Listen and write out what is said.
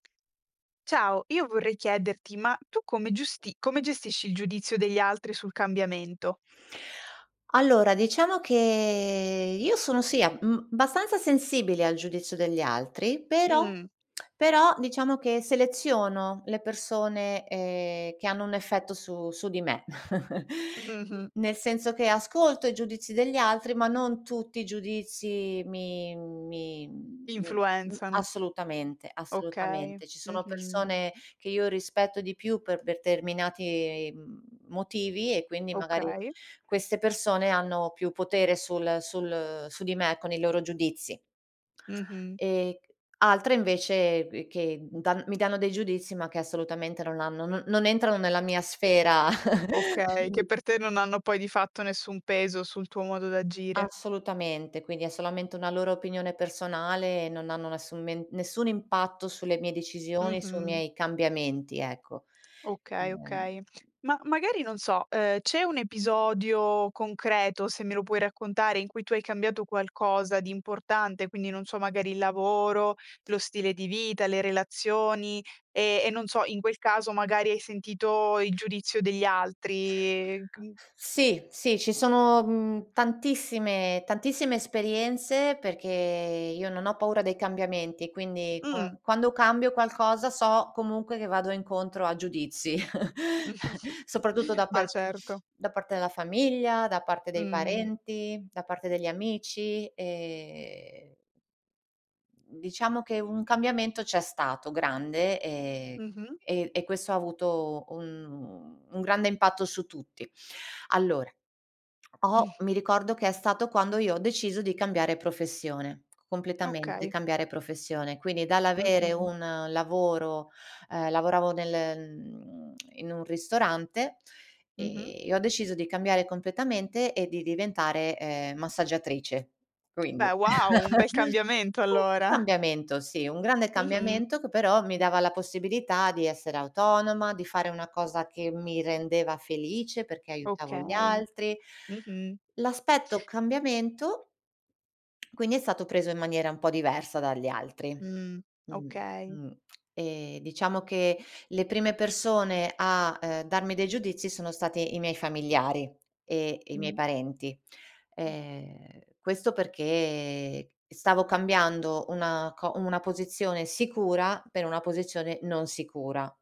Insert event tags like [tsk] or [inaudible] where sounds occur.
Ciao, io vorrei chiederti, ma tu come giusti come gestisci il giudizio degli altri sul cambiamento? Allora diciamo che io sono, sì, ab mhmm, abbastanza sensibile al giudizio degli altri, però Mh. [tsk] però diciamo che seleziono le persone, ehm, che hanno un effetto su su di me, [chuckles] Mh-mh. n nel senso che ascolto i giudizi degli altri, ma non tutti i giudizi mi mi mi m Influenzano. assolutamente, Okay. assolutamente. Ci sono Mh-mh. persone che io rispetto di più per determinati mhmm, motivi e quindi magari Okay. queste persone hanno più potere sul sul su di me con i loro giudizi. Mh-mh. Ehm, c altre invece b che d dan mi danno dei giudizi, ma che assolutamente non hanno n non entrano nella mia sfera, [chuckles] Okay, che quindi. per te non hanno, poi di fatto, nessun peso sul tuo modo d'agire. Assolutamente, quindi è solamente una loro opinione personale e non hanno nessun men nessun impatto sulle mie decisioni, sui Mh-mh. miei cambiamenti, ecco. Okay, Ehm okay. Ma magari non so, uhm, c'è un episodio concreto, se me lo puoi raccontare, in cui tu hai cambiato qualcosa di importante, quindi non so, magari il lavoro, lo stile di vita, le relazioni e e non so, in quel caso magari hai sentito il giudizio degli altri c n Sì, sì. Ci sono, mhmm, tantissime tantissime esperienze perché io non ho paura dei cambiamenti, quindi qua Mh. quando cambio qualcosa so comunque che vado incontro a giudizi, [chuckles] [chuckles] soprattutto da Beh, parte certo. [sniffs] da parte della famiglia, da parte dei Mh. parenti, da parte degli amici, ehm mhmm, diciamo che un cambiamento c'è stato, grande, ehm, Mh-mh. e e questo ha avuto un un grande impatto su tutti. Allora, ho [chuckles] mi ricordo che è stato quando io ho deciso di cambiare professione, completamente Okay. cambiare professione. Quindi dall'avere Mh-mh. un lavoro uhm, lavoravo nel [tsk] mhmm, in un ristorante Mh-mh. e e ho deciso di cambiare completamente e di diventare, ehm, massaggiatrice. [tsk] Quindi, Beh, wow, un bel [chuckles] cambiamento un allora. cambiamento, sì, un grande Mh-mh. cambiamento che però mi dava la possibilità di essere autonoma, di fare una cosa che mi rendeva felice perché aiutavo gli Okay. altri. Mh-mh. L'aspetto cambiamento [tsk] quindi è stato preso in maniera un po' diversa dagli altri. Mh, Mh, okay. mh. E diciamo che le prime persone a, ehm, darmi dei giudizi sono state i miei familiari e e i miei Mh. parenti. Mh. Ehm, questo perché stavo cambiando una co una posizione sicura per una posizione non sicura.